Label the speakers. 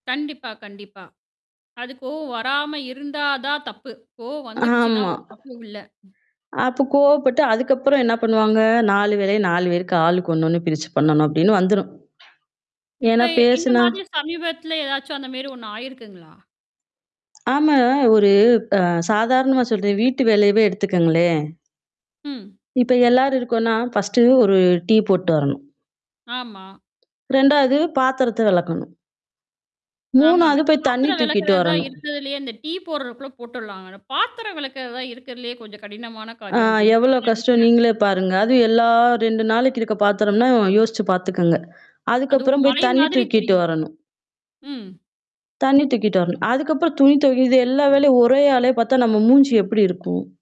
Speaker 1: கண்டிப்பா கண்டிப்பா. அது கோவம் வராம இருந்தா தான் தப்பு. கோவ வந்துடுச்சுன்னா
Speaker 2: ஆமா.
Speaker 1: ஒரு தப்பும் இல்ல.
Speaker 2: அப்ப கோவப்பட்டு அதுக்கப்புறம் என்ன பண்ணுவாங்க? 4 வேளையும், 4 பேருக்கு ஆளுக்கு ஒண்ணு ஒண்ணு பிரிச்சு பண்ணணும் அப்டின்னு வந்துரும். ஏன்னா
Speaker 1: இப்ப இந்த
Speaker 2: பேசுனா
Speaker 1: மாதிரி சமீபத்துல ஏதாச்சும் அந்த மாரி ஒண்ணு ஆயிருக்குங்களா?
Speaker 2: ஆமா, ஒரு அ சாதாரணமா சொல்றன். வீட்டு வேலையவே எடுத்துக்கங்களேன்
Speaker 1: ம்.
Speaker 2: இப்ப எல்லார் இருக்கோனா, ஃபர்ஸ்ட்டு 1 டீ போட்டு வரணும்.
Speaker 1: ஆமா.
Speaker 2: 2வது பாத்திரத்த வெளக்கணும்.
Speaker 1: ஆமாங்க.
Speaker 2: 3வது
Speaker 1: அந்த
Speaker 2: போய் தண்ணி
Speaker 1: பாத்திரம்
Speaker 2: தூக்கிட்டு
Speaker 1: வெளக்கறது தான்
Speaker 2: வரணும்.
Speaker 1: இருக்கிறதில்லயே இந்த டீ போட்றதுக்கூட போட்டுடலாங்க. அந்த பாத்திரம் வெளக்றது தான் இருக்கிறதில்லயே கொஞ்சம் கடினமான
Speaker 2: ஆ.
Speaker 1: காரியம் அப்டின்னு
Speaker 2: எவ்வளோ
Speaker 1: நான்
Speaker 2: கஷ்டம்
Speaker 1: நெனைக்கிறேன்.
Speaker 2: நீங்களே பாருங்க. அதுவும் எல்லா 2 நாளைக்கு இருக்க பாத்திரம்னா யோசிச்சு பாத்துக்கங்க.
Speaker 1: அது ஒரு
Speaker 2: அதுக்கப்புறம் போய்
Speaker 1: மலை
Speaker 2: தண்ணி
Speaker 1: மாதிரி
Speaker 2: தூக்கிட்டு
Speaker 1: தெரியும்.
Speaker 2: வரணும்.
Speaker 1: ம்.
Speaker 2: தண்ணி தூக்கிட்டு வரணும். அதுக்கப்புறம் துணி துவைக்க இது எல்லா வேலையும் ஒரே ஆளே பாத்தா நம்ம மூஞ்சி எப்படி இருக்கும்?